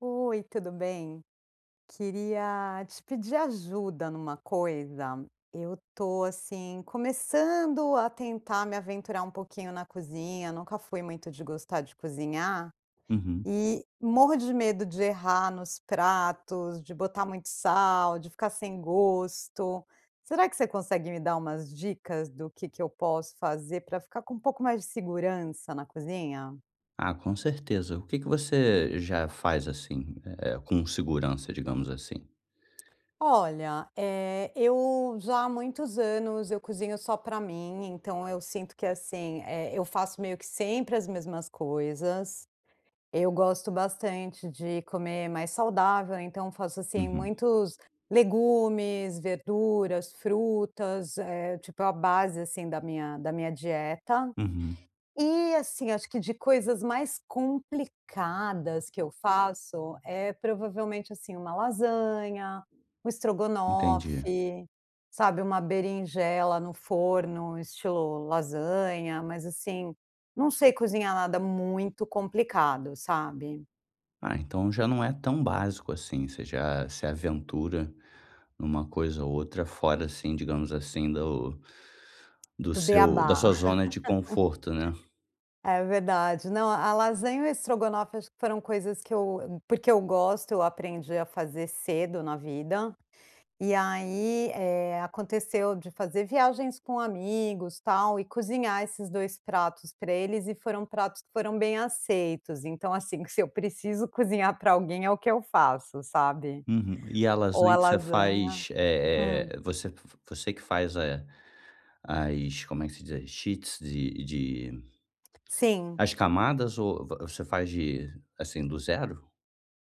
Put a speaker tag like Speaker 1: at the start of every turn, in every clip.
Speaker 1: Oi, tudo bem? Queria te pedir ajuda numa coisa. Eu tô assim, começando a tentar me aventurar um pouquinho na cozinha. Nunca fui muito de gostar de cozinhar
Speaker 2: Uhum.
Speaker 1: e morro de medo de errar nos pratos, de botar muito sal, de ficar sem gosto. Será que você consegue me dar umas dicas do que que eu posso fazer pra ficar com um pouco mais de segurança na cozinha?
Speaker 2: Ah, com certeza. O que que você já faz assim, eh, com segurança, digamos assim?
Speaker 1: Olha, eh, eu já há muitos anos eu cozinho só pra mim, então eu sinto que assim, eh, eu faço meio que sempre as mesmas coisas. Eu gosto bastante de comer mais saudável, então faço assim,
Speaker 2: Uhum.
Speaker 1: muitos legumes, verduras, frutas, eh, tipo, é a base assim da minha da minha dieta.
Speaker 2: Uhum.
Speaker 1: E assim, acho que de coisas mais complicadas que eu faço, eh, provavelmente assim, uma lasanha, um
Speaker 2: Entendi.
Speaker 1: estrogonofe, sabe, uma berinjela no forno estilo lasanha, mas assim, não sei cozinhar nada muito complicado, sabe.
Speaker 2: Ah, então já não é tão básico, assim, você já se aventura numa coisa ou outra fora, assim, digamos assim, do do
Speaker 1: Do
Speaker 2: seu da
Speaker 1: bê-á-bá.
Speaker 2: sua zona de conforto, né?
Speaker 1: É verdade, não a-a lasanha e o estrogonofe acho que foram coisas que eu, hum, porque eu gosto eu aprendi a fazer cedo na vida e aí, eh, aconteceu de fazer viagens com amigos tal e cozinhar esses 2 pratos pra eles e foram pratos que foram bem aceitos, então assim, que se eu preciso cozinhar pra alguém é o que eu faço, sabe?
Speaker 2: Uhum e a
Speaker 1: Ou a
Speaker 2: lasanha que você
Speaker 1: lasanha.
Speaker 2: faz eh
Speaker 1: Hum.
Speaker 2: eh você f você que faz, eh, as como é que se diz? As sheets de de
Speaker 1: Sim.
Speaker 2: as camadas ou v você faz de assim do 0?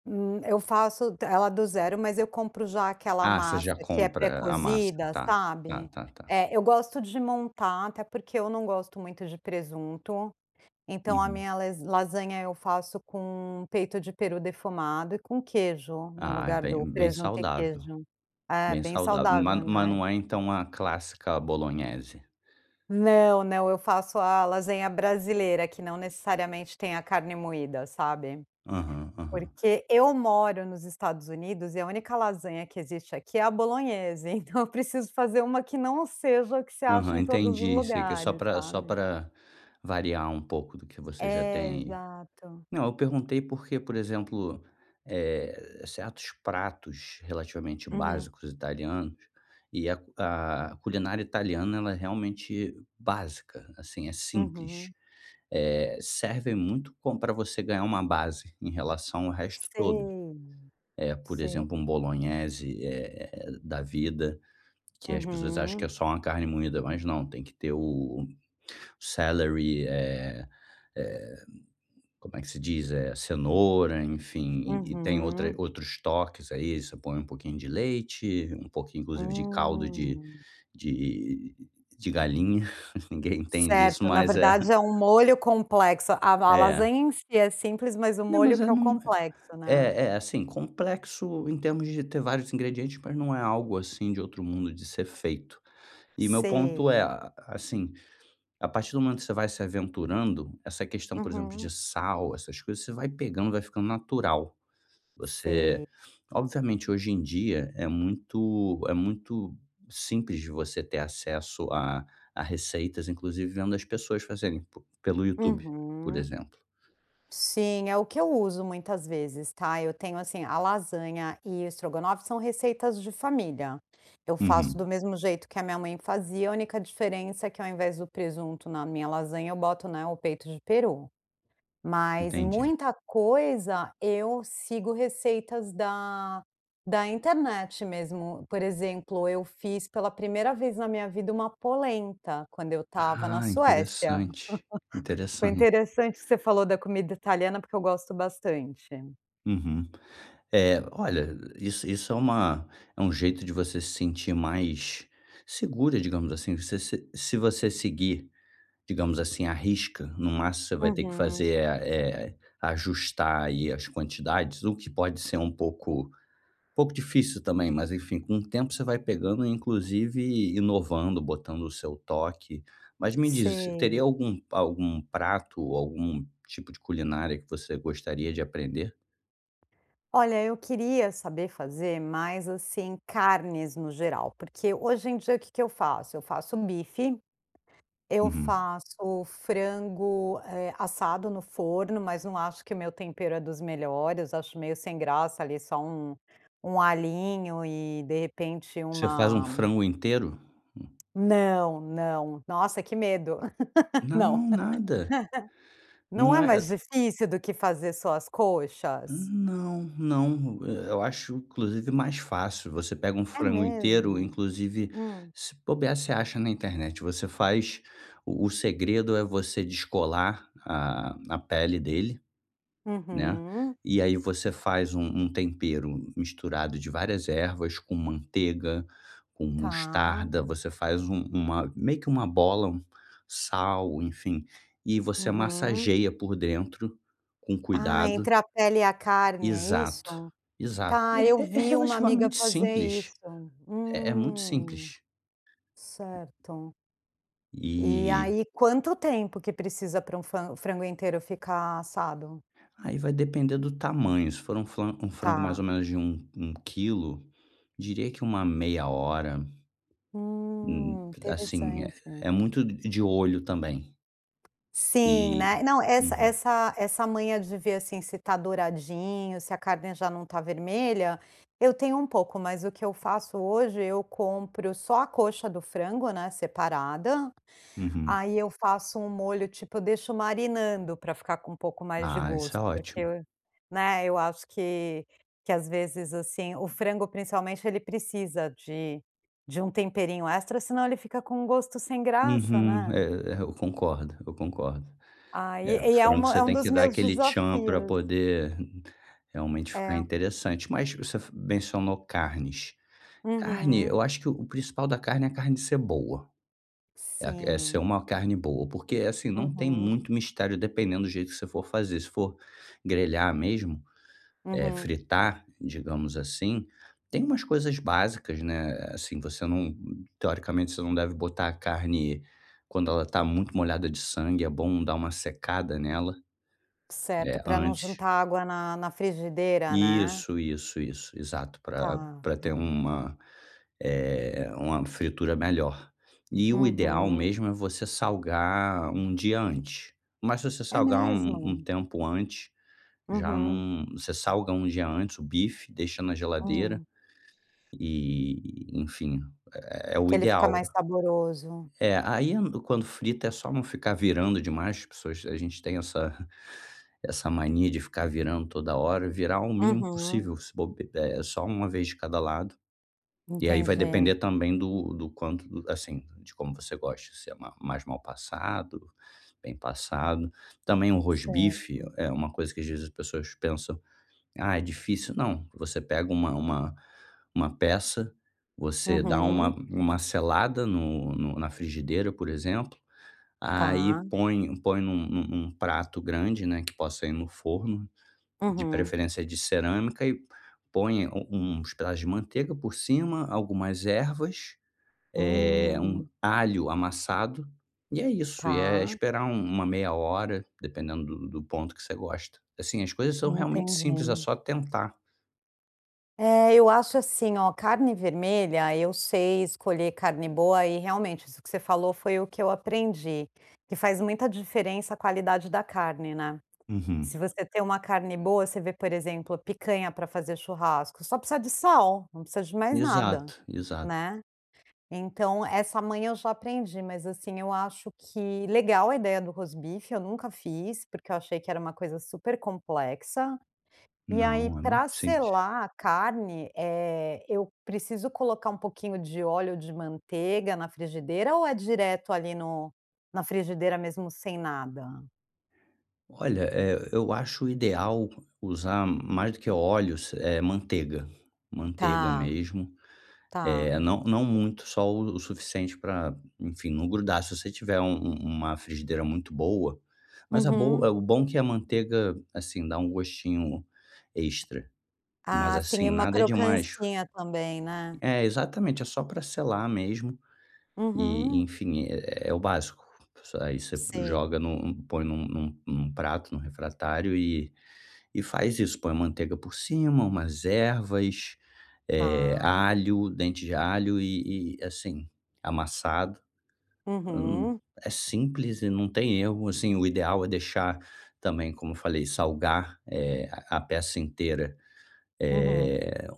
Speaker 1: Hum, eu faço t ela do 0, mas eu compro já aquela
Speaker 2: Ah, você
Speaker 1: massa
Speaker 2: já
Speaker 1: que é
Speaker 2: compra a massa,
Speaker 1: pré-cozida,
Speaker 2: tá tá
Speaker 1: sabe?
Speaker 2: tá tá.
Speaker 1: É, eu gosto de montar, até porque eu não gosto muito de presunto, então a
Speaker 2: Uhum.
Speaker 1: minha les lasanha eu faço com peito de peru defumado e com queijo, no
Speaker 2: Ah, é
Speaker 1: lugar
Speaker 2: bem
Speaker 1: do
Speaker 2: bem
Speaker 1: presunto e
Speaker 2: saudável,
Speaker 1: queijo. É,
Speaker 2: bem
Speaker 1: bem
Speaker 2: saudável, mas
Speaker 1: saudável,
Speaker 2: mas
Speaker 1: né?
Speaker 2: não é então a clássica à bolonhese?
Speaker 1: Não, não, eu faço a lasanha brasileira, que não necessariamente tem a carne moída, sabe?
Speaker 2: Aham, aham.
Speaker 1: Porque eu moro nos Estados Unidos e a única lasanha que existe aqui é a bolonhese, então eu preciso fazer uma que não seja o que você acha
Speaker 2: Aham,
Speaker 1: em todos os
Speaker 2: entendi, sei, que é só
Speaker 1: lugares,
Speaker 2: pra só
Speaker 1: sabe?
Speaker 2: pra variar um pouco do que você já
Speaker 1: É,
Speaker 2: tem.
Speaker 1: exato.
Speaker 2: Não, eu perguntei porque, por exemplo, eh, certos pratos relativamente
Speaker 1: Uhum.
Speaker 2: básicos italianos e a c a culinária italiana ela é realmente básica, assim, é simples,
Speaker 1: Uhum.
Speaker 2: eh, serve muito como pra você ganhar uma base em relação ao resto todo.
Speaker 1: Sei,
Speaker 2: Eh, por
Speaker 1: se
Speaker 2: exemplo, um bolonhese, eh eh da vida, que as pessoas acham que
Speaker 1: Uhum.
Speaker 2: é só uma carne moída, mas não, tem que ter o celery eh, eh, como é que se diz? Eh, cenoura, enfim, e e tem outra
Speaker 1: Uhum.
Speaker 2: outros toques, aí, você põe um pouquinho de leite, um pouquinho, inclusive de caldo de
Speaker 1: Hum.
Speaker 2: de de galinha. Ninguém entende isso,
Speaker 1: Certo. Na
Speaker 2: mas é.
Speaker 1: verdade, é um molho complexo. A va a
Speaker 2: É.
Speaker 1: lasanha em si é simples, mas o
Speaker 2: Né,
Speaker 1: molho
Speaker 2: mas é
Speaker 1: que é o
Speaker 2: não é
Speaker 1: complexo, né?
Speaker 2: é é assim complexo em termos de ter vários ingredientes, mas não é algo assim de outro mundo de ser feito e meu ponto é
Speaker 1: Sei.
Speaker 2: a a assim, a partir do momento que você vai se aventurando essa questão, por exemplo, de
Speaker 1: Uhum.
Speaker 2: sal, essas coisas, você vai pegando, vai ficando natural. Você,
Speaker 1: Sei.
Speaker 2: obviamente, hoje em dia é muito é muito simples de você ter acesso a a receitas, inclusive vendo as pessoas fazerem p pelo YouTube, por
Speaker 1: Uhum.
Speaker 2: exemplo.
Speaker 1: Sim, é o que eu uso muitas vezes tá, eu tenho assim, a lasanha e o estrogonofe são receitas de família. Eu faço do
Speaker 2: Uhum.
Speaker 1: mesmo jeito que a minha mãe fazia, a única diferença é que, ao invés do presunto na minha lasanha, eu boto, né, o peito de peru, mas
Speaker 2: Entendi.
Speaker 1: muita coisa eu sigo receitas da da internet mesmo. Por exemplo, eu fiz pela primeira vez na minha vida uma polenta quando eu estava na
Speaker 2: Ah,
Speaker 1: Suécia.
Speaker 2: interessante,
Speaker 1: Foi
Speaker 2: interessante.
Speaker 1: interessante isso que você falou da comida italiana, porque eu gosto bastante.
Speaker 2: Uhum. É, olha, isso isso é uma é um jeito de você se sentir mais segura, digamos assim. Você se se você seguir, digamos assim, a risca, no máximo, você vai ter que
Speaker 1: Uhum.
Speaker 2: fazer, eh eh, ajustar aí, as quantidades, o que pode ser um pouco um pouco difícil também, mas enfim, com o tempo você vai pegando, inclusive inovando, botando o seu toque. Mas me diz, você
Speaker 1: Sei.
Speaker 2: teria algum pa algum prato ou algum tipo de culinária que você gostaria de aprender?
Speaker 1: Olha, eu queria saber fazer mais, assim, carnes no geral, porque hoje em dia o que que eu faço? Eu faço um bife, eu
Speaker 2: Uhum.
Speaker 1: faço frango, eh, assado no forno, mas não acho que o meu tempero é dos melhores, acho meio sem graça, ali, só um um alhinho, e de repente,
Speaker 2: Você faz um
Speaker 1: uma
Speaker 2: frango inteiro? Hum.
Speaker 1: Não, não. Nossa, que medo. Não.
Speaker 2: Não, nada.
Speaker 1: Não é
Speaker 2: Não é.
Speaker 1: mais
Speaker 2: É
Speaker 1: difícil do que fazer só as coxas?
Speaker 2: Não, não. Eh, eu acho inclusive mais fácil, você pega um
Speaker 1: É
Speaker 2: frango inteiro,
Speaker 1: mesmo?
Speaker 2: inclusive,
Speaker 1: Hum.
Speaker 2: se bobiar, você acha na internet, você faz o o segredo é você descolar a a pele dele, né,
Speaker 1: Uhum.
Speaker 2: e aí você faz um um tempero misturado de várias ervas com manteiga, com
Speaker 1: Tá.
Speaker 2: mostarda, você faz um uma meio que uma bola, um sal, enfim, e você
Speaker 1: Uhum.
Speaker 2: massageia por dentro, com
Speaker 1: Ah,
Speaker 2: cuidado.
Speaker 1: entre a pele e a carne, é
Speaker 2: Exato.
Speaker 1: isso?
Speaker 2: Exato.
Speaker 1: Tá,
Speaker 2: É
Speaker 1: eu
Speaker 2: é é
Speaker 1: vi uma amiga
Speaker 2: relativamente
Speaker 1: fazer
Speaker 2: simples.
Speaker 1: isso.
Speaker 2: É é muito
Speaker 1: Hum.
Speaker 2: simples.
Speaker 1: Certo. E
Speaker 2: E
Speaker 1: aí, quanto tempo que precisa pra um fran frango inteiro ficar assado?
Speaker 2: Aí vai depender do tamanho, se for um flan um frango mais ou
Speaker 1: Tá.
Speaker 2: menos de um um quilo, diria que uma meia hora. Hum,
Speaker 1: Hum,
Speaker 2: assim, é
Speaker 1: interessante.
Speaker 2: é muito d de olho também.
Speaker 1: Sim,
Speaker 2: E,
Speaker 1: né? Não, essa
Speaker 2: uhum.
Speaker 1: essa essa manha de ver assim, se tá douradinho, se a carne já não tá vermelha, eu tenho um pouco, mas o que eu faço hoje, eu compro só a coxa do frango, né, separada,
Speaker 2: Uhum.
Speaker 1: aí eu faço um molho, tipo, eu deixo marinando pra ficar com um pouco mais de
Speaker 2: Ah, isso é
Speaker 1: gosto, porque,
Speaker 2: ótimo.
Speaker 1: né, eu acho que que às vezes assim, o frango, principalmente, ele precisa de de um temperinho extra, senão ele fica com um gosto sem graça,
Speaker 2: Uhum,
Speaker 1: né?
Speaker 2: é é, eu concordo, eu concordo,
Speaker 1: Ah,
Speaker 2: eh,
Speaker 1: e e é
Speaker 2: frango,
Speaker 1: uma
Speaker 2: você
Speaker 1: é um
Speaker 2: tem que
Speaker 1: dos
Speaker 2: dar
Speaker 1: meus
Speaker 2: aquele tchan pra
Speaker 1: desafios.
Speaker 2: poder realmente ficar
Speaker 1: É.
Speaker 2: interessante. Mas você f mencionou carnes. Carne,
Speaker 1: Uhum.
Speaker 2: eu acho que o principal da carne é a carne ser boa. É que é ser
Speaker 1: Sim.
Speaker 2: uma carne boa, porque, assim não tem
Speaker 1: Uhum.
Speaker 2: muito mistério, dependendo do jeito que você for fazer. Se for grelhar mesmo, eh,
Speaker 1: Uhum.
Speaker 2: fritar, digamos assim, tem umas coisas básicas, né, assim você não, teoricamente você não deve botar a carne quando ela tá muito molhada de sangue, é bom dar uma secada nela.
Speaker 1: Certo,
Speaker 2: É,
Speaker 1: pra não
Speaker 2: antes.
Speaker 1: juntar água na na frigideira, né.
Speaker 2: Isso, isso, isso exato. Pra
Speaker 1: Tá,
Speaker 2: pra ter
Speaker 1: tá.
Speaker 2: uma, eh, uma fritura melhor. E o ideal
Speaker 1: Uhum.
Speaker 2: mesmo é você salgar um dia antes. Mas se você
Speaker 1: É
Speaker 2: salgar um um
Speaker 1: mesmo?
Speaker 2: tempo antes, já
Speaker 1: Uhum.
Speaker 2: não você salga um dia antes o bife, deixa na geladeira,
Speaker 1: Hum.
Speaker 2: e, enfim, é o
Speaker 1: Que ele fica
Speaker 2: ideal.
Speaker 1: mais saboroso.
Speaker 2: É, aí quando frita, é só não ficar virando demais as pessoas a gente tem essa essa mania de ficar virando toda hora virar o mínimo
Speaker 1: Uhum.
Speaker 2: possível. Se bob eh, só uma vez de cada lado. E aí vai
Speaker 1: Entendi.
Speaker 2: depender também do do quanto o assim, de como você gosta de ser ma mais mal passado, bem passado, também um rosbife
Speaker 1: Certo.
Speaker 2: é uma coisa que às vezes as pessoas pensam: "Ah, é difícil". Não. Você pega uma uma uma peça, você dá uma
Speaker 1: Uhum.
Speaker 2: uma selada no no na frigideira, por exemplo, aí
Speaker 1: Tá.
Speaker 2: põe põe num num num prato grande, né, que possa ir no forno, de
Speaker 1: Uhum.
Speaker 2: preferência de cerâmica e põe u uns pedaços de manteiga por cima, algumas ervas, eh, um
Speaker 1: Hum.
Speaker 2: alho amassado e é isso, e é
Speaker 1: Tá.
Speaker 2: esperar um uma meia hora, dependendo do do ponto que você gosta. Assim, as coisas são realmente simples. É
Speaker 1: Entendi.
Speaker 2: só tentar.
Speaker 1: É, eu acho assim, ó: carne vermelha, eu sei escolher carne boa e, realmente, isso que você falou foi o que eu aprendi: que faz muita diferença a qualidade da carne, né. Se
Speaker 2: Uhum.
Speaker 1: você tem uma carne boa você vê, por exemplo, picanha pra fazer churrasco, só precisa de sal. Não precisa de mais nada,
Speaker 2: Exato, exato.
Speaker 1: né. Então, essa manha eu já aprendi, mas, assim, eu acho que legal a ideia do rosbife. Eu nunca fiz, porque eu achei que era uma coisa super complexa. E aí,
Speaker 2: Não. É muito
Speaker 1: pra
Speaker 2: simples.
Speaker 1: selar a carne, eh, eu preciso colocar um pouquinho de óleo ou de manteiga na frigideira ou é direto ali no na frigideira, mesmo sem nada?
Speaker 2: Olha, eh, eu acho o ideal usar mais do que óleos, eh, manteiga. Manteiga
Speaker 1: Tá,
Speaker 2: mesmo.
Speaker 1: tá.
Speaker 2: Eh, não não muito, só o o suficiente para enfim, não grudar. Se você tiver, um um uma frigideira muito boa, mas a bo
Speaker 1: Uhum.
Speaker 2: é o bom que a manteiga, assim, dá um gostinho extra. Mas,
Speaker 1: Ah, sim,
Speaker 2: assim,
Speaker 1: é uma
Speaker 2: nada demais.
Speaker 1: crocâncinha também, né.
Speaker 2: É. Exatamente. É só para selar mesmo, e
Speaker 1: Uhum.
Speaker 2: enfim, é é o básico. S aí você
Speaker 1: Sei.
Speaker 2: joga no põe num num num prato, no refratário e e faz isso. Põe a manteiga por cima, umas ervas, eh,
Speaker 1: Tá.
Speaker 2: alho, dente de alho e e assim, amassado. Hum,
Speaker 1: Uhum.
Speaker 2: é simples e não tem erro, assim, o ideal é deixar também, como eu falei: salgar, eh, a peça inteira.
Speaker 1: Uhum.
Speaker 2: Eh,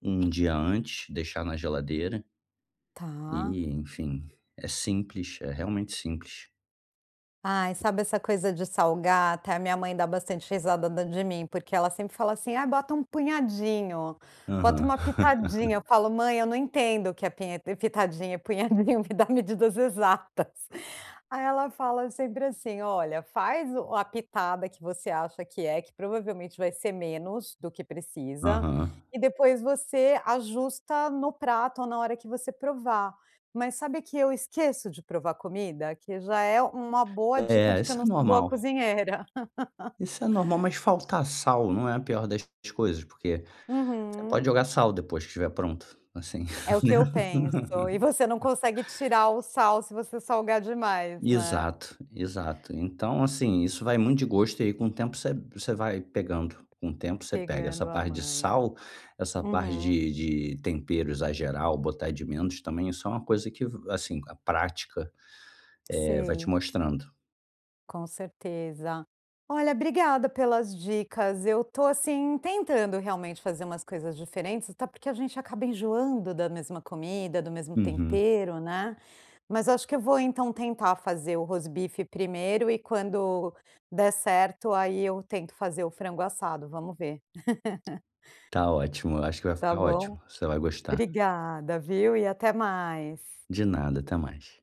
Speaker 2: um dia antes, deixar na geladeira.
Speaker 1: Tá.
Speaker 2: E, enfim, é simples. É realmente simples.
Speaker 1: Ai, sabe essa coisa de salgar, até a minha mãe dá bastante risada da de mim, porque ela sempre fala assim: "Ai, bota um punhadinho, bota
Speaker 2: Aham.
Speaker 1: uma pitadinha." Eu falo: "Mãe, eu não entendo o que é pinhe pitadinha, punhadinho, me dá medidas exatas." Aí ela fala sempre assim: "Olha, faz o a pitada que você acha que é, que provavelmente vai ser menos do que precisa
Speaker 2: Aham.
Speaker 1: e depois você ajusta no prato ou na hora que você provar." Mas sabe que eu esqueço de provar comida, que já é uma boa dica
Speaker 2: É,
Speaker 1: de que eu
Speaker 2: isso
Speaker 1: não
Speaker 2: é
Speaker 1: sou boa
Speaker 2: normal.
Speaker 1: cozinheira.
Speaker 2: Isso é normal. Mas faltar sal não é a pior das das coisas, porque você pode
Speaker 1: Uhum.
Speaker 2: jogar sal depois que estiver pronto assim,
Speaker 1: É o que
Speaker 2: né?
Speaker 1: eu penso e você não consegue tirar o sal se você salgar demais, né.
Speaker 2: Exato, exato. Então, assim, isso vai muito de gosto e aí com o tempo você você vai pegando, com o tempo, você pega essa
Speaker 1: Pegando a
Speaker 2: parte de
Speaker 1: manha.
Speaker 2: sal, essa parte
Speaker 1: Uhum.
Speaker 2: de de tempero, exagerar ou botar de menos também, isso é uma coisa que, assim a prática, eh, vai te
Speaker 1: Sei.
Speaker 2: mostrando.
Speaker 1: Com certeza. Olha, obrigada pelas dicas. Eu tô assim, tentando realmente fazer umas coisas diferentes, até porque a gente acaba enjoando da mesma comida, do mesmo
Speaker 2: Uhum.
Speaker 1: tempero, né. Mas eu acho que eu vou então tentar fazer o rosbife primeiro e quando der certo, aí eu tento fazer o frango assado. Vamos ver.
Speaker 2: Tá ótimo. Eu acho que vai
Speaker 1: Tá
Speaker 2: ficar
Speaker 1: bom?
Speaker 2: ótimo. Você vai gostar.
Speaker 1: Obrigada, viu e até mais.
Speaker 2: De nada, até mais.